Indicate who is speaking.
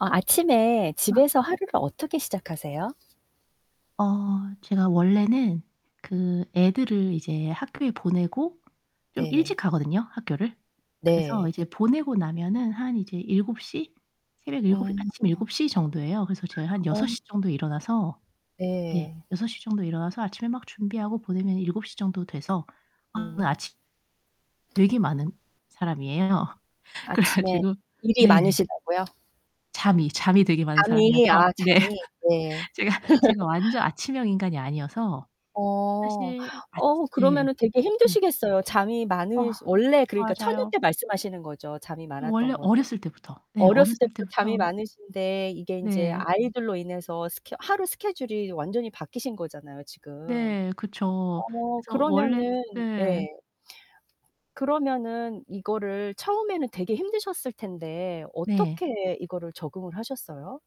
Speaker 1: 어, 아침에
Speaker 2: 아.
Speaker 1: 집에서 하루를 어떻게 시작하세요?
Speaker 2: 어 제가 원래는 그 애들을 이제 학교에 보내고 좀 일찍
Speaker 1: 네.
Speaker 2: 가거든요, 학교를. 그래서
Speaker 1: 네.
Speaker 2: 이제 보내고 나면은 한 7:00? 새벽 7,
Speaker 1: 어.
Speaker 2: 아침 7:00 정도예요. 그래서 제가 한
Speaker 1: 어.
Speaker 2: 6:00 정도에 일어나서 네,
Speaker 1: 네.
Speaker 2: 6:00 정도에 일어나서 아침에 막 준비하고 보내면 7:00 정도 돼서
Speaker 1: 네.
Speaker 2: 아침 되게 많은 사람이에요. 그래
Speaker 1: 아침에
Speaker 2: 가지고
Speaker 1: 일이
Speaker 2: 네.
Speaker 1: 많으시다고요?
Speaker 2: 잠이, 잠이 되게 많은
Speaker 1: 잠이
Speaker 2: 사람이어서
Speaker 1: 아
Speaker 2: 네.
Speaker 1: 잠이. 네.
Speaker 2: 제가, 제가 완전 아침형 인간이 아니어서
Speaker 1: 어
Speaker 2: 사실 아치
Speaker 1: 어
Speaker 2: 네.
Speaker 1: 그러면은 되게
Speaker 2: 네.
Speaker 1: 힘드시겠어요. 잠이
Speaker 2: 어,
Speaker 1: 많으시 원래 그러니까 처녀
Speaker 2: 맞아요.
Speaker 1: 때 말씀하시는 거죠? 잠이 많았던
Speaker 2: 원래
Speaker 1: 거는.
Speaker 2: 어렸을 때부터 네,
Speaker 1: 어렸을
Speaker 2: 어렸을
Speaker 1: 때부터 잠이
Speaker 2: 때부터
Speaker 1: 많으신데 이게 인제
Speaker 2: 네.
Speaker 1: 아이들로 인해서 스케 하루 스케줄이 완전히 바뀌신 거잖아요, 지금.
Speaker 2: 네, 그쵸.
Speaker 1: 어
Speaker 2: 그래서 원래
Speaker 1: 그러면은
Speaker 2: 네.
Speaker 1: 네. 그러면은 이거를 처음에는 되게 힘드셨을 텐데
Speaker 2: 네.
Speaker 1: 어떻게 이거를 적응을 하셨어요?